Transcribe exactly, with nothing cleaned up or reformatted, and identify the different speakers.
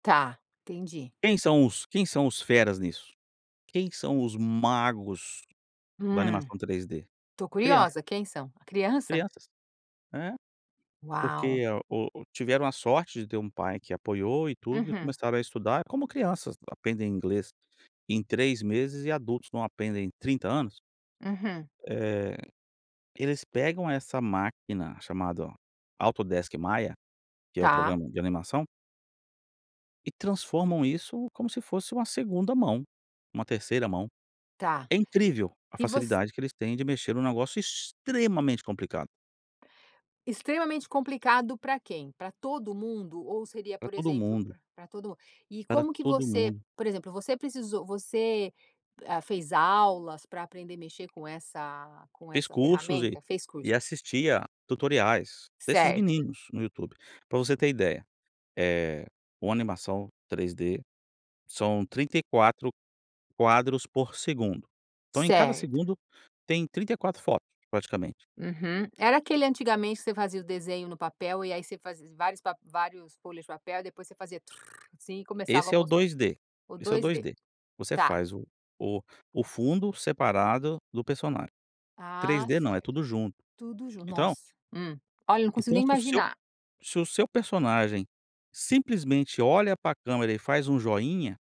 Speaker 1: Tá, entendi.
Speaker 2: Quem são os quem são os feras nisso? Quem são os magos da
Speaker 1: Hum.
Speaker 2: animação três D?
Speaker 1: Estou
Speaker 2: Crianças
Speaker 1: curiosa, quem são? A criança?
Speaker 2: crianças, é,
Speaker 1: Uau!
Speaker 2: porque o o tiveram a sorte de ter um pai que apoiou e tudo, e
Speaker 1: Uhum.
Speaker 2: começaram a estudar, como crianças aprendem inglês em três meses e adultos não aprendem trinta anos,
Speaker 1: Uhum.
Speaker 2: eh, eles pegam essa máquina chamada Autodesk Maia, que é o
Speaker 1: Tá.
Speaker 2: programa de animação e transformam isso como se fosse uma segunda mão, uma terceira mão.
Speaker 1: Tá.
Speaker 2: É
Speaker 1: E
Speaker 2: incrível a
Speaker 1: e voc
Speaker 2: facilidade que eles têm de mexer em um negócio extremamente complicado.
Speaker 1: Extremamente complicado pra quem? Para todo mundo ou seria,
Speaker 2: Pra
Speaker 1: por
Speaker 2: todo
Speaker 1: exemplo,
Speaker 2: mundo
Speaker 1: para para todo mundo? E
Speaker 2: pra
Speaker 1: como que
Speaker 2: todo
Speaker 1: você
Speaker 2: mundo.
Speaker 1: por exemplo, você precisou você, ah, fez aulas pra aprender mexer com essa com com
Speaker 2: Fiz
Speaker 1: essa
Speaker 2: cursos e
Speaker 1: ferramenta? Fez curso.
Speaker 2: e assistia a tutoriais, desses
Speaker 1: Certo.
Speaker 2: meninos no YouTube. Pra você ter ideia, eh, com animação três D, são trinta e quatro quadros por segundo. Então, em cada
Speaker 1: Certo.
Speaker 2: segundo, tem trinta e quatro fotos, praticamente.
Speaker 1: Uhum. Era aquele antigamente, que você fazia o desenho no papel, e aí você fazia vários vários folhas de papel e depois você fazia tru, assim, e começava a
Speaker 2: Esse é o
Speaker 1: mostra
Speaker 2: dois D,
Speaker 1: o
Speaker 2: esse é o
Speaker 1: dois
Speaker 2: dois
Speaker 1: D,
Speaker 2: D. Você
Speaker 1: tá.
Speaker 2: faz o o o fundo separado do personagem. O três
Speaker 1: Ah,
Speaker 2: D não, é
Speaker 1: certo.
Speaker 2: tudo junto.
Speaker 1: Tudo jun
Speaker 2: Então
Speaker 1: nosso. Hum. Olha, não consigo
Speaker 2: então
Speaker 1: nem
Speaker 2: se o seu
Speaker 1: imaginar.
Speaker 2: se o seu personagem simplesmente olha para câmera e faz um joinha